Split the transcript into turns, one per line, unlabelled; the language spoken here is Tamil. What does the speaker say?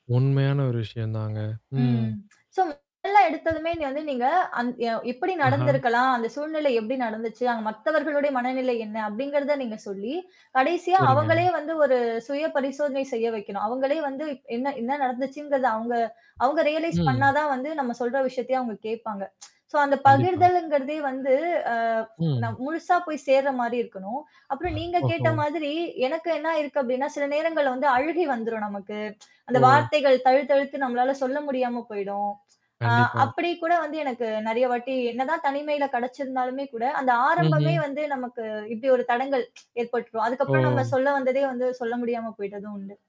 உண்மையான ஒரு விஷயந்தாங்க, ம்.
ம். சொல்லுங் மொதல்ல எடுத்ததுமே இங்க வந்து நீங்க, அந் அ "எப்பிடி
அஹா!
நடந்திருக்கலாம்? அந்த சூழ்நிலை எப்டி நடந்துச்சு? அங்க மத்தவர்களுடைய மனநிலை என்ன?" அப்பிடிங்கிறத நீங்க சொல்லி, கடைசியா அவுங்களயே
சரிங்க.
வந்து, ஒரு சுயபரிசோதனை செய்ய வைக்கணும். அவுங்களே வந்து என்னா? என்னா நடந்துச்சுங்கிறத? அவுங்க அவுங்க ரியலைஸ் பண்ணா
ம்.
தான் வந்து நம்ம சொல்ற விஷயத்தையே அவுங்க கேட்பாங்க சோ அந்த
கண்டிப்பா.
பகிர்தல்ங்கிறதே வந்து, அ நான்
ம்.
முழுசா போய் சேர்றமாரி இருக்கணும். அப்புறம் நீங்க கேட்ட
ஓஹோ!
மாதிரி, எனக்கு என்னாயிருக்கு? அப்பிடின்னா, சில நேரங்கள்ல வந்து அழுகை வந்துரும் நமக்கு அந்த
ஓ!
வார்த்தைகள் தழுத்தழுத்து, நம்மளால சொல்ல முடியாம போயிடும். ஆ,
கண்டிப்பா.
அப்பிடி கூட வந்து எனக்கு நிறையா வாட்டி என்னதான் தனிமையில கெடச்சிருந்தாலுமே கூட, அந்த ஆரம்பமே
ம்ஹ்ம்.
வந்து நமக்கு, இப்பிடி ஒரு தடங்கல் ஏற்பட்ரும். அதுக்கப்புறம் நம்ம
ஓ!
சொல்ல வந்ததே வந்து, சொல்ல முடியாம போயிட்டதும் உண்டு.